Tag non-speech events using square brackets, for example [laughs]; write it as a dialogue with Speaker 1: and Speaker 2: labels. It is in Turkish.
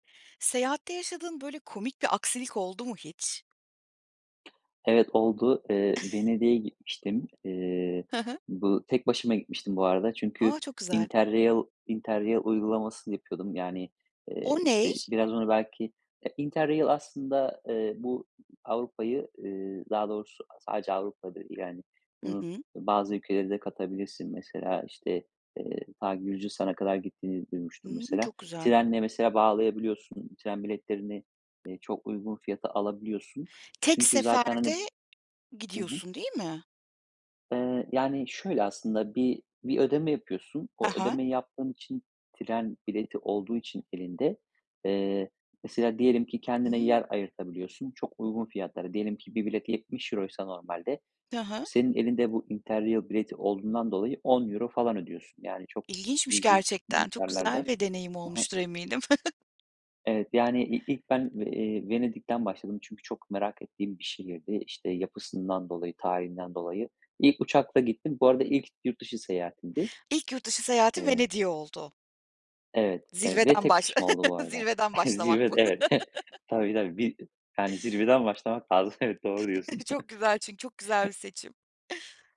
Speaker 1: Seyahatte yaşadığın, böyle, komik bir aksilik oldu mu hiç?
Speaker 2: Evet, oldu. Eee,
Speaker 1: [chuckles]
Speaker 2: Venedik'e gitmiştim. Eee,
Speaker 1: He he.
Speaker 2: bu tek başıma gitmiştim bu arada.
Speaker 1: Ha,
Speaker 2: Çünkü
Speaker 1: çok güzel.
Speaker 2: interrail interrail uygulamasını yapıyordum. Yani, eee,
Speaker 1: O ney?
Speaker 2: işte, biraz onu belki, eee, interrail aslında, eee, bu Avrupa'yı, ııı, daha doğrusu, aaa, sadece Avrupa da değil hani.
Speaker 1: Hı
Speaker 2: Bunu
Speaker 1: hı.
Speaker 2: ı, bazı ülkelere de katabilirsin. Mesela, işte, eee, ta Gürcistan'a kadar gittiğini duymuştum
Speaker 1: Hımm.
Speaker 2: mesela.
Speaker 1: Çok güzel.
Speaker 2: Trenle mesela bağlayabiliyorsun. Tren biletlerini, eee, çok uygun fiyata alabiliyorsun.
Speaker 1: Tek
Speaker 2: Çünkü zaten hani
Speaker 1: seferde
Speaker 2: Hı hı.
Speaker 1: gidiyorsun, değil mi?
Speaker 2: Eee, yani şöyle aslında bir bir ödeme yapıyorsun.
Speaker 1: E
Speaker 2: O
Speaker 1: he.
Speaker 2: ödemeyi yaptığın için tren bileti olduğu için elinde, eee, mesela diyelim ki kendine
Speaker 1: Imm.
Speaker 2: yer ayırtabiliyorsun çok uygun fiyatlara. Diyelim ki bir bilet €70'ysa euroysa normalde
Speaker 1: He he.
Speaker 2: senin elinde bu interrail bileti olduğundan dolayı €10 euro falan ödüyorsun. Yani çok
Speaker 1: İlginçmiş
Speaker 2: cüzi f
Speaker 1: gerçekten, çok güzel
Speaker 2: miktarlarda.
Speaker 1: bir deneyim
Speaker 2: Hı hı.
Speaker 1: olmuştur eminim.
Speaker 2: Evet, yani, i ilk ben
Speaker 1: [chuckles]
Speaker 2: b eee, Venedik'ten başladım. Çünkü çok merak ettiğim bir şehirdi. İşte, yapısından dolayı, tarihinden dolayı. İlk uçakla gittim. Bu arada ilk yurt dışı seyahatimdi.
Speaker 1: İlk yurt dışı seyahati
Speaker 2: Eee
Speaker 1: Venedik'e oldu.
Speaker 2: Evet, evet, ve
Speaker 1: Zirveden
Speaker 2: tek
Speaker 1: baş
Speaker 2: başıma oldu bu
Speaker 1: [laughs]
Speaker 2: arada.
Speaker 1: zirveden
Speaker 2: [chuckles]
Speaker 1: başlamak
Speaker 2: Zirve d
Speaker 1: bu.
Speaker 2: evet.
Speaker 1: [laughs]
Speaker 2: Tabii, tabii, bir yani zirveden başlamak lazım. Evet, doğru diyorsun.
Speaker 1: [chuckles] Çok
Speaker 2: [chuckles]
Speaker 1: güzel çünkü çok güzel bir seçim.